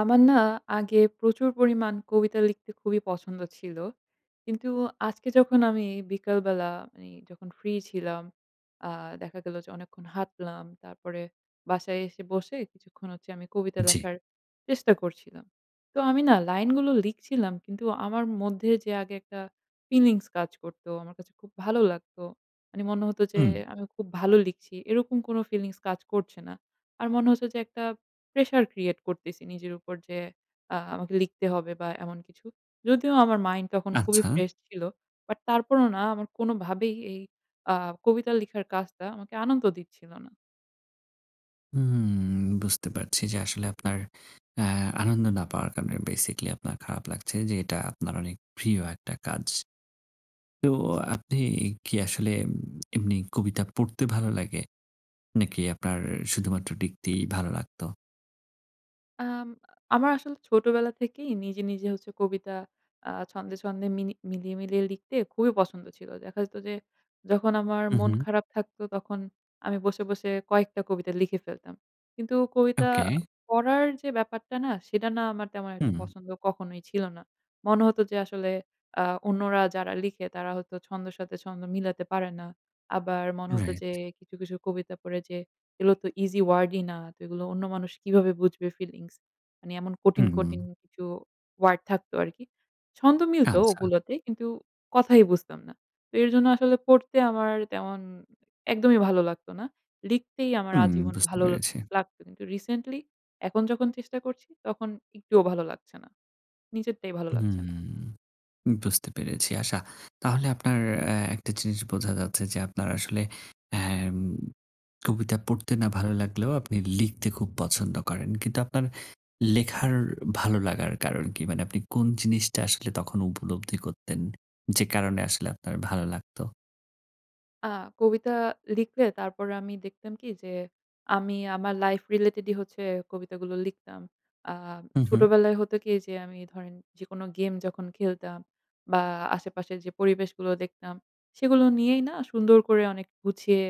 আমার না আগে প্রচুর পরিমাণ কবিতা লিখতে খুবই পছন্দ ছিল। কিন্তু আজকে যখন আমি বিকালবেলা মানে যখন ফ্রি ছিলাম আ দেখা গেলো যে অনেকক্ষণ হাঁটলাম। তারপরে বাসায় এসে বসে কিছুক্ষণ হচ্ছে আমি কবিতা জ্বি। লেখার চেষ্টা করছিলাম। তো আমি না লাইনগুলো লিখছিলাম কিন্তু আমার মধ্যে যে আগে একটা ফিলিংস কাজ করতো আমার কাছে খুব ভালো লাগতো, মানে মনে হত যে হু। আমি খুব ভালো লিখছি, এরকম কোন ফিলিংস কাজ করছে না। আর মনে হচ্ছে যে একটা প্রেশার ক্রিয়েট করতেছি নিজের উপর যে আ আমাকে লিখতে হবে বা এমন কিছু। যদিও আমার মাইন্ড তখন খুবই আচ্ছা। ফ্রেশ ছিল। বাট তারপরও না আমার কোনোভাবেই এই আ কবিতা লেখার কাজটা আমাকে আনন্দ দিচ্ছিল না। হুম বুঝতে পারছি যে আসলে আপনার অ্যা আনন্দ না পাওয়ার কারণে basically আপনার খারাপ লাগছে যে এটা আপনার অনেক প্রিয় একটা কাজ। তো জি। আপনি কি আসলে এমনি কবিতা পড়তে ভালো লাগে? নাকি আপনার শুধুমাত্র লিখতেই ভালো লাগতো? আম আমার আসলে ছোটবেলা থেকেই নিজে নিজে হচ্ছে কবিতা আ ছন্দে-ছন্দে মিনি মিলিয়ে মিলিয়ে লিখতে খুবই পছন্দ ছিল। দেখা যেত যে যখন আমার মন হুম-হুম। খারাপ থাকতো তখন আমি বসে বসে কয়েকটা কবিতা লিখে ফেলতাম। কিন্তু কবিতা okay। পড়ার যে ব্যাপারটা না সেটা না আমার তেমন একটা হু। পছন্দ কখনোই ছিল না। মনে হত যে আসলে আ অন্যরা যারা লিখে তারা হয়তো ছন্দের সাথে ছন্দ মিলাতে পারে না। আবার মনে হত Right। যে কিছু কিছু কবিতা পড়ে যে এগুলো তো ইজি ওয়ার্ড ই না। তো এগুলো অন্য মানুষ কিভাবে বুঝবে ফিলিংস। মানে এমন কঠিন কঠিন হু-হু। কিছু ওয়ার্ড থাকতো আরকি। ছন্দ মিলত আচ্ছা। ওগুলোতেই কিন্তু কথাই বুঝতাম না। তো এর জন্য আসলে পড়তে আমার তেমন একদমই ভালো লাগত না। লিখতেই আমার হুঁ আজীবন বুঝতে ভালো পেরেছি। লাগতো। কিন্তু রিসেন্টলি এখন যখন চেষ্টা করছি তখন একটুও ভালো লাগছে না। নিজেরটাই ভালো লাগছে না। হুম বুঝতে পেরেছি আচ্ছা। তাহলে আপনার একটা জিনিস বোঝা যাচ্ছে যে আপনার আসলে অ্যাম কবিতা পড়তে না ভালো লাগলেও আপনি লিখতে খুব পছন্দ করেন। কিন্তু আপনার লেখার ভালো লাগার কারণ কী? মানে আপনি কোন জিনিসটা আসলে তখন উপলব্ধি করতেন, যে কারণে আসলে আপনার ভালো লাগতো। আ কবিতা লিখলে তারপরে আমি দেখতাম কি যে আমি আমার লাইফ রিলেটেড ই হচ্ছে কবিতাগুলো লিখতাম। আ হুঁ-হুঁ। ছোটবেলায় হতো কি যে আমি ধরেন যেকোনো গেম যখন খেলতাম বা আশেপাশের যে পরিবেশগুলো দেখতাম সেগুলো নিয়েই না সুন্দর করে অনেক গুছিয়ে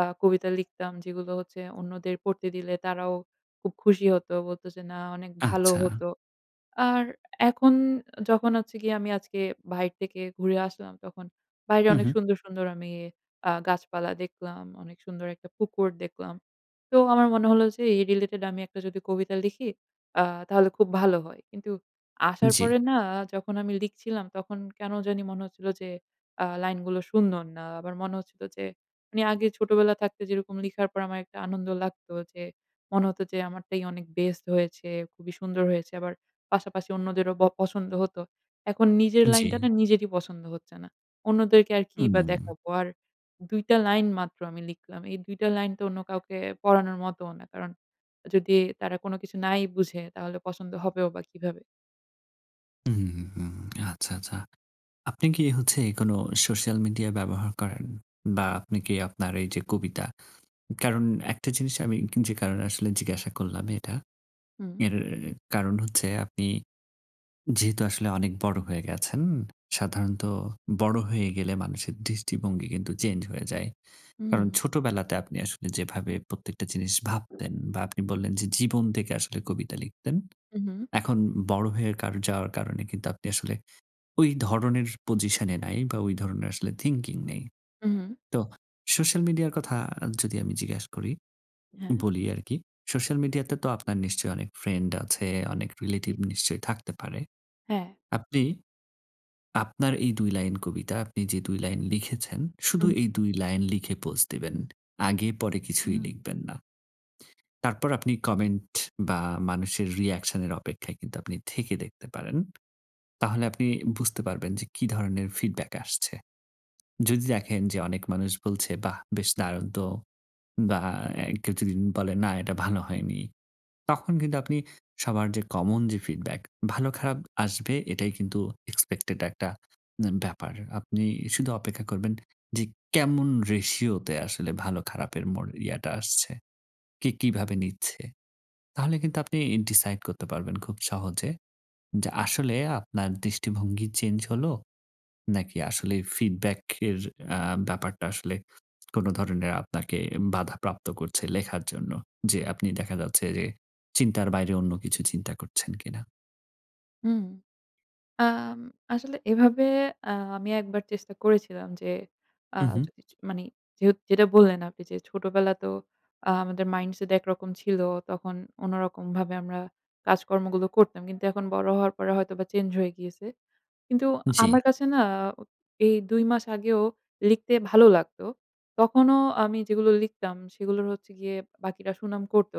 আ কবিতা লিখতাম যেগুলো হচ্ছে অন্যদের পড়তে দিলে তারাও খুব খুশি হতো বলতো যে না অনেক ভালো আচ্ছা। হতো। আর এখন যখন হচ্ছে গিয়ে আমি আজকে বাহির থেকে ঘুরে আসলাম তখন বাইরে অনেক হু-হু। সুন্দর সুন্দর আমি আ গাছপালা দেখলাম। অনেক সুন্দর একটা পুকুর দেখলাম। তো আমার মনে হলো যে এই রিলেটেড আমি একটা যদি একটা কবিতা লিখি আ তাহলে খুব ভালো হয়। কিন্তু আসার জ্বি। পরে না যখন আমি লিখছিলাম তখন কেন জানি মনে হচ্ছিল যে আ লাইন গুলো সুন্দর না। আমার মনে হচ্ছিল যে আমি আগে ছোটবেলা থাকতে যেরকম লেখার পর আমার একটা আনন্দ লাগতো যে মনে হত যে আমারটাই অনেক বেস্ট হয়েছে, খুবই সুন্দর হয়েছে। আবার পাশাপাশি অন্যদেরও ব পছন্দ হত। এখন নিজের লাইনটা জি। না নিজেরই পছন্দ হচ্ছে না। অন্যদেরকে আর কি বা হু। দেখাবো। আর ২ টা লাইন মাত্র আমি লিখলাম। এই ২ টা লাইন তো অন্য কাউকে পড়ানোর মতও না। কারণ যদি তারা কোন কিছু নাই বুঝে তাহলে পছন্দ হবেও বা কিভাবে। হুম আচ্ছা আচ্ছা। আপনি কি হচ্ছে কোন সোশ্যাল মিডিয়া ব্যবহার করেন বা আপনি কি আপনার এই যে কবিতা? কারণ একটা জিনিস আমি যে কারণে আসলে জিজ্ঞাসা করলাম এটা। হু। এর কারণ হচ্ছে আপনি যেহেতু আসলে অনেক বড় হয়ে গেছেন, সাধারণত বড় হয়ে গেলে মানুষের দৃষ্টিভঙ্গি কিন্তু চেঞ্জ হয়ে যায়। কারণ হু। ছোটবেলাতে আপনি আসলে যেভাবে প্রত্যেকটা জিনিস ভাবতেন বা আপনি বললেন যে জীবন থেকে আসলে কবিতা লিখতেন উহু। এখন বড় হয়ে কার যাওয়ার কারণে কিন্তু আপনি আসলে ওই ধরনের পজিশন এ নাই বা ওই ধরনের আসলে থিংকিং নেই। হু। তো সোশ্যাল মিডিয়ার কথা যদি আমি জিজ্ঞেস করি, হ্যাঁ। বলি আর কি সোশ্যাল মিডিয়া তে তো আপনার নিশ্চয়ই অনেক ফ্রেন্ড আছে, অনেক জি। রিলেটিভ নিশ্চয়ই থাকতে পারে। হ্যাঁ। আপনি আপনার এই ২ লাইন কবিতা আপনি যে ২ লাইন লিখেছেন শুধু হুম। এই ২ লাইন লিখে পোস্ট দেবেন আগে পরে কিছুই হু। লিখবেন না। তারপর আপনি কমেন্ট বা মানুষের reaction এর অপেক্ষায় কিন্তু আপনি থেকে দেখতে পারেন। তাহলে আপনি বুঝতে পারবেন যে কি ধরনের ফিডব্যাক আসছে। যদি দেখেন যে অনেক মানুষ বলছে বাহ বেশ দারুন তো বা কেউ যদি বলে না এটা ভালো হয়নি। তখন কিন্তু আপনি সবার যে কমন যে ফিডব্যাক ভালো খারাপ আসবে এটাই কিন্তু এক্সপেক্টেড একটা ব্যাপার। আপনি শুধু অপেক্ষা করবেন যে কেমন রেশিও তে আসলে ভালো খারাপের মোর ইয়েটা আসছে, কে কিভাবে নিচ্ছে, তাহলে কিন্তু আপনি ডিসাইড করতে পারবেন খুব সহজে যে আসলে আপনার দৃষ্টিভঙ্গি চেঞ্জ হলো, নাকি আসলে ফিডব্যাক এর আ ব্যাপারটা আসলে কোন ধরনের আপনাকে বাধাপ্রাপ্ত করছে লেখার জন্য, যে আপনি দেখা যাচ্ছে যে চিন্তার বাইরে অন্য কিছু চিন্তা করছেন কিনা? হু। আম আসলে এভাবে আ আমি একবার চেষ্টা করেছিলাম যে আ হুম হু। যদি চ মানে যে যেটা বললেন আপনি যে ছোটবেলা তো আমাদের মাইন্ডসেট একরকম ছিল তখন অন্যরকমভাবে আমরা কাজকর্মগুলো করতাম। কিন্তু এখন বড় হওয়ার পরে হয়তোবা চেঞ্জ হয়ে গিয়েছে। কিন্তু আমার জি। কাছে না এই ২ মাস আগেও লিখতে ভালো লাগতো। তখনও আমি যেগুলো লিখতাম সেগুলো হচ্ছে গিয়ে বাকিরা সুনাম করত।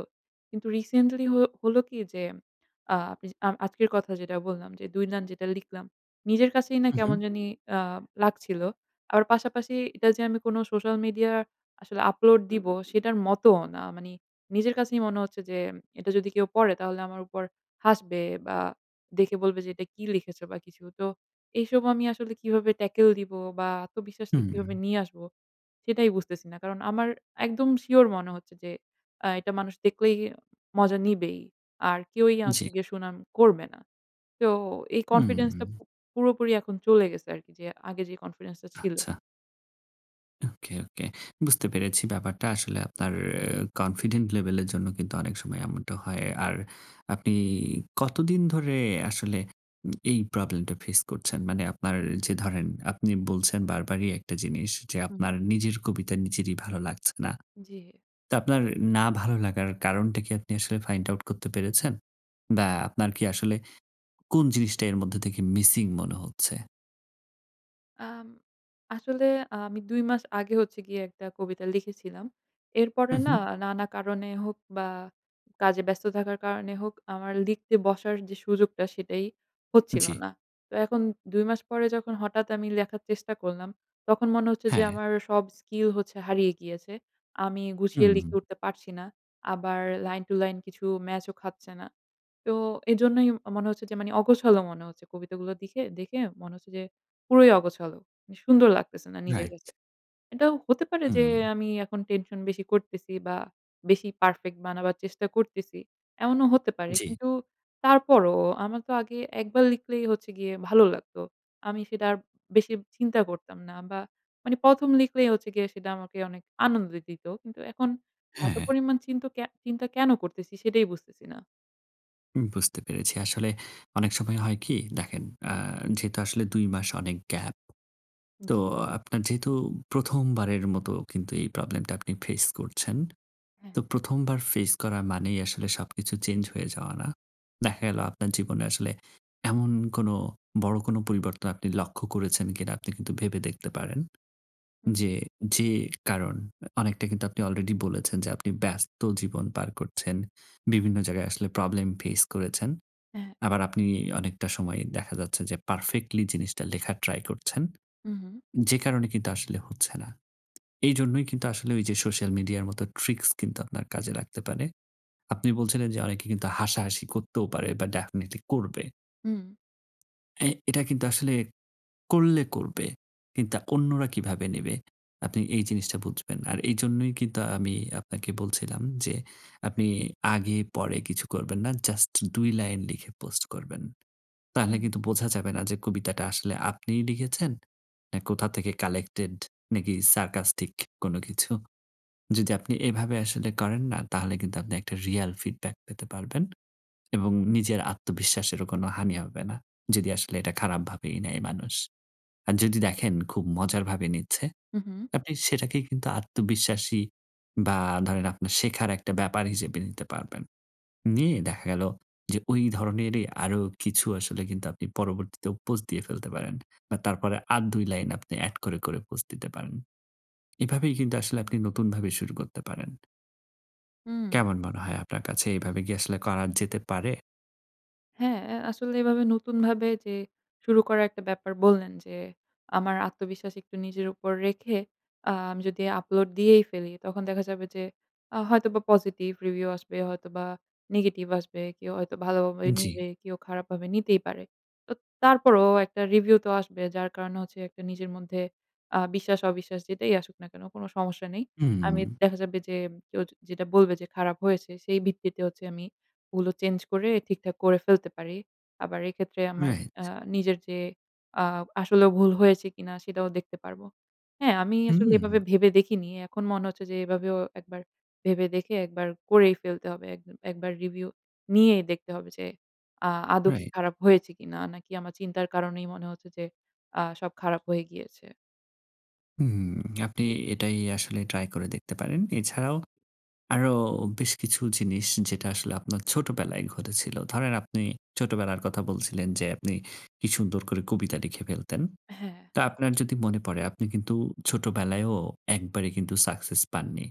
কিন্তু রিসেন্টলি হ হল কি যে আ আপনি যে আজকের কথা যেটা বললাম যে ২ লাইন যেটা লিখলাম নিজের কাছেই না কেমন হুম-হুম। জানি আ লাগছিল। আবার পাশাপাশি এটা যে আমি কোন সোশ্যাল মিডিয়া আসলে আপলোড দিব সেটার মতও না। মানে নিজের কাছেই মনে হচ্ছে যে এটা যদি কেউ পড়ে তাহলে আমার উপর হাসবে। বা দেখে বলবে যে এটা কি লিখেছ বা কিছু। তো এইসব আমি আসলে কিভাবে ট্যাকল দিব বা আত্মবিশ্বাসটা হু। কিভাবে নিয়ে আসব সেটাই বুঝতেছি না। কারণ আমার একদম সিওর মনে হচ্ছে যে আ এটা মানুষ দেখলেই মজা নিবেই। আর কেউই হচ্ছে জী। গিয়ে সুনাম করবে না। তো এই হু। কনফিডেন্স টা প পুরোপুরি এখন চলে গেছে আরকি যে আগে যে কনফিডেন্স টা ছিল। আচ্ছা। ওকে-ওকে। বুঝতে পেরেছি ব্যাপারটা আসলে আপনার কনফিডেন্ট লেভেল এর জন্য অনেক সময় এমনটা হয়। আর আপনি কতদিন ধরে আসলে এই প্রবলেম টা ফেস করছেন? মানে আপনার যে ধরেন আপনি বলছেন বারবারই একটা জিনিস যে হুম। আপনার নিজের কবিতা নিজেরই ভালো লাগছে না। জি। তো আপনার না ভালো লাগার কারণটা কি আপনি আসলে find out করতে পেরেছেন? বা আপনার কি আসলে কোন জিনিসটা এর মধ্যে থেকে মিসিং মনে হচ্ছে? আম আসলে আমি ২ মাস আগে হচ্ছে গিয়ে একটা কবিতা লিখেছিলাম। এরপরে না হু-হু। নানা কারণে হোক বা কাজে ব্যস্ত থাকার কারণে হোক আমার লিখতে বসার যে সুযোগটা সেটাই হচ্ছিল জ্বি। না। তো এখন ২ মাস পরে যখন হঠাৎ আমি লেখার চেষ্টা করলাম তখন মনে হচ্ছে যে হ্যাঁ। আমার সব স্কিল হচ্ছে হারিয়ে গিয়েছে। আমি গুছিয়ে হু। লিখে উঠতে পারছি না। আবার লাইন টু লাইন কিছু ম্যাচ ও খাচ্ছে না। তো এইজন্যই ম মনে হচ্ছে যে মানে অগোছল মনে হচ্ছে কবিতাগুলো দিখে দেখে মনে হচ্ছে যে পুরোই অগোছাল। সুন্দর লাগতেছে না নিজের Right। কাছে। এটাও হতে পারে যে হু। আমি এখন টেনশন বেশি করতেছি বা বেশি পারফেক্ট বানাবার চেষ্টা করতেছি, এমনও হতে পারে। জি। কিন্তু তারপরও আমার তো আগে একবার লিখলেই হচ্ছে গিয়ে ভালো লাগতো। আমি সেটা আর বেশি চিন্তা করতাম না বা মানে ১ম লিখলেই হচ্ছে গিয়ে সেটা আমাকে অনেক আনন্দ দিত। কিন্তু এখন এত হ্যাঁ-হ্যাঁ। পরিমাণ চিন্ত কে চিন্তা কেন করতেছি সেটাই বুঝতেছি না। হুম বুঝতে পেরেছি। আসলে অনেক সময় হয় কি দেখেন, আ যেহেতু আসলে ২ মাস অনেক gap, তো জি। আপনার যেহেতু প্রথমবারের মতো কিন্তু এই প্রবলেম টা আপনি ফেস করছেন, হ্যাঁ। তো প্রথমবার ফেস করা মানেই আসলে সবকিছু চেঞ্জ হয়ে যাওয়া না। দেখা গেল হু। আপনার জীবনে আসলে এমন কোনো বড় কোন পরিবর্তন লক্ষ্য করেছেন কিনা আপনি কিন্তু ভেবে দেখতে পারেন। হুম। যে যে কারণ অনেকটা কিন্তু আপনি আলরেডি বলেছেন যে আপনি ব্যস্ত জীবন পার করছেন। বিভিন্ন জায়গায় আসলে প্রবলেম ফেস করেছেন। হ্যাঁ। আবার আপনি অনেকটা সময় দেখা যাচ্ছে যে পারফেক্টলি জিনিসটা লেখার ট্রাই করছেন। হু-হু। যে কারণে কিন্তু আসলে হচ্ছে না। এইজন্যই কিন্তু আসলে ওই যে সোশ্যাল মিডিয়া র মতো ট্রিকস কিন্তু আপনার কাজে লাগতে পারে। আপনি বলছিলেন যে অনেকে কিন্তু হাসাহাসি করতেও পারে বা ডেফিনিটলি করবে। হু। অ্যা এটা কিন্তু আসলে করলে করবে, কিন্তু অন্যরা কীভাবে নেবে, আপনি এই জিনিসটা বুঝবেন। আর এইজন্যই কিন্তু আমি আপনাকে বলছিলাম যে আপনি আগে পরে কিছু করবেন না। জাস্ট ২ লাইন লিখে পোস্ট করবেন। তাহলে হুম। কিন্তু বোঝা যাবে না যে কবিতাটা আসলে আপনিই লিখেছেন। না কোথা থেকে কালেক্টেড, নাকি সারকাস্টিক কোন কিছু। যদি আপনি এভাবে আসলে করেন না তাহলে কিন্তু আপনি একটা রিয়াল ফিডব্যাক পেতে পারবেন। এবং নিজের আত্মবিশ্বাসেরও কোনো হানি হবে না। যদি আসলে এটা খারাপ ভাবেই নেয় মানুষ। আর যদি দেখেন খুব মজার ভাবে নিচ্ছে, হু-হু। আপনি সেটাকেই কিন্তু আত্মবিশ্বাসী বা ধরেন আপনার শেখার একটা ব্যাপার হিসেবে নিতে পারবেন। নিয়ে দেখা গেল যে ওই ধরনেরই আরো কিছু আসলে কিন্তু আপনি পরবর্তীতেও পোস্ট দিয়ে ফেলতে পারেন। বা তারপরে আর ২ লাইন আপনি এড করে করে পোস্ট দিতে পারেন। এভাবেই কিন্তু আসলে আপনি হু। নতুনভাবে শুরু করতে পারেন। হুম। কেমন মনে হয় আপনার কাছে এভাবে কি আসলে করা যেতে পারে? হ্যাঁ আ আসলে এভাবে নতুনভাবে যে শুরু করা একটা ব্যাপার বললেন যে আমার আত্মবিশ্বাস একটু নিজের উপর রেখে আ আমি যদি আপলোড দিয়েই ফেলি। তখন দেখা যাবে যে আ হয়তোবা পজিটিভ রিভিউ আসবে, হয়তোবা নেগেটিভ আসবে। কেউ হয়তো ভালোভাবে জি। নিবে, কেউ খারাপভাবে নিতেই পারে। তো তারপরেও একটা রিভিউ তো আসবে যার কারণে হচ্ছে একটা নিজের মধ্যে আ বিশ্বাস অবিশ্বাস যেটাই আসুক না কেন কোন সমস্যা নেই। আমি হু। দেখা যাবে যে কেউ যেটা বলবে যে খারাপ হয়েছে সেই ভিত্তিতে হচ্ছে আমি ওগুলো চেঞ্জ করে ঠিকঠাক করে ফেলতে পারি। আবার এক্ষেত্রে আমার আ Right। নিজের যে আ আসলেও ভুল হয়েছে কিনা সেটাও দেখতে পারব। হ্যাঁ আমি হু। আসলে এভাবে ভেবে দেখিনি। এখন মনে হচ্ছে যে এভাবেও ১ বার ভেবে দেখে ১ বার করেই ফেলতে হবে। ১ বার রিভিউ নিয়েই দেখতে হবে যে আ আদো কি Right। খারাপ হয়েছে কিনা? নাকি আমার চিন্তার কারণেই মনে হচ্ছে যে আ সব খারাপ হয়ে গিয়েছে। হুম আপনি এটাই আসলে ট্রাই করে দেখতে পারেন। এছাড়াও আরো বেশ কিছু জিনিস যেটা আসলে আপনার ছোটবেলায় ঘটেছিল। ধরেন আপনি ছোটবেলার কথা বলছিলেন যে আপনি কি সুন্দর করে কবিতা লিখে ফেলতেন। হ্যাঁ। তা আপনার যদি মনে পড়ে আপনি কিন্তু ছোটবেলায়ও ১ বারে কিন্তু সাকসেস পাননি।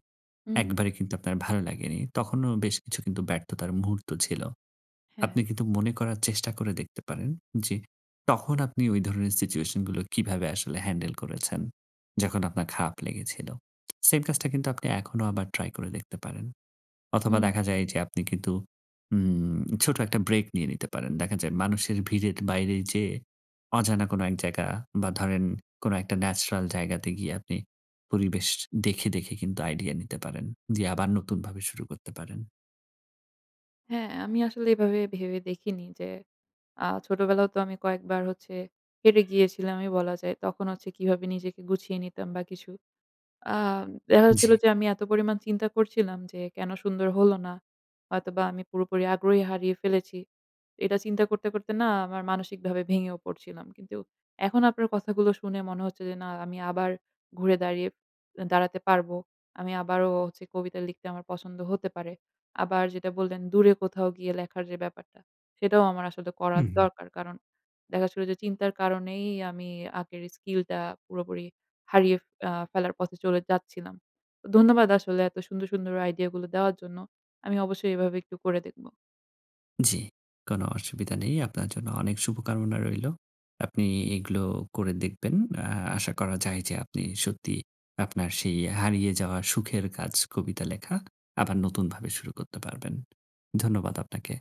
১ হুম। বারে কিন্তু আপনার ভালো লাগেনি। তখনও বেশ কিছু কিন্তু ব্যর্থতার মুহূর্ত ছিল। হ্যাঁ। আপনি কিন্তু মনে করার চেষ্টা করে দেখতে পারেন যে তখন আপনি ওই ধরনের সিচুয়েশন গুলো কিভাবে আসলে হ্যান্ডেল করেছেন। যখন আপনার খারাপ লেগেছিল। সেইম কাজটা কিন্তু আপনি এখনো আবার ট্রাই করে দেখতে পারেন। অথবা দেখা হুম-হু। যায় যে আপনি কিন্তু ম ছোট একটা ব্রেক নিয়ে নিতে পারেন। দেখা যায় মানুষের ভিড়ের বাইরে যেয়ে অজানা কোন এক জায়গা বা ধরেন কোনো একটা ন্যাচারাল জায়গাতে গিয়ে আপনি পরিবেশ দেখে দেখে কিন্তু আইডিইয়া নিতে পারেন, দিয়ে আবার নতুনভাবে শুরু করতে পারেন। হ্যাঁ আমি আসলে এভাবে ভেবে দেখিনি যে আ ছোটবেলায়ও তো আমি কয়েকবার হচ্ছে হেরে গিয়েছিলামই বলা যায়। তখন হচ্ছে কীভাবে নিজেকে গুছিয়ে নিতাম বা কিছু। আম দেখা জী। যাচ্ছিল যে আমি এত পরিমাণ চিন্তা করছিলাম যে কেন সুন্দর হল না। হয়তোবা আমি পুরোপুরি আগ্রহই হারিয়ে ফেলেছি। এটা চিন্তা করতে করতে না আমার মানসিকভাবে ভেঙেও পড়ছিলাম। কিন্তু এখন আপনার কথাগুলো শুনে মনে হচ্ছে যে না আমি আবার ঘুরে দাঁড়িয়ে দাঁড়াতে পারব। আমি আবারো হচ্ছে কবিতা লিখতে আমার পছন্দ হতে পারে। আবার যেটা বললেন দূরে কোথাও গিয়ে লেখার যে ব্যাপারটা সেটাও আমার আসলে করা হু-হু। দরকার। কারণ দেখা যাচ্ছিলো যে চিন্তার কারণেই আমি আগের স্কিল টা পুরোপুরি হারিয়ে আ ফেলার পথে চলে যাচ্ছিলাম। তো ধন্যবাদ আসলে এত সুন্দর সুন্দর আইডিয়া গুলো দেওয়ার জন্য। আমি অবশ্যই এভাবে একটু করে দেখব। জ্বি, কোনো অসুবিধা নেই। আপনার জন্য অনেক শুভকামনা রইল। আপনি এগুলো করে দেখবেন। আ আশা করা যায় যে আপনি সত্যি আপনার সেই হারিয়ে যাওয়া সুখের কাজ কবিতা লেখা আবার নতুনভাবে শুরু করতে পারবেন। ধন্যবাদ আপনাকে।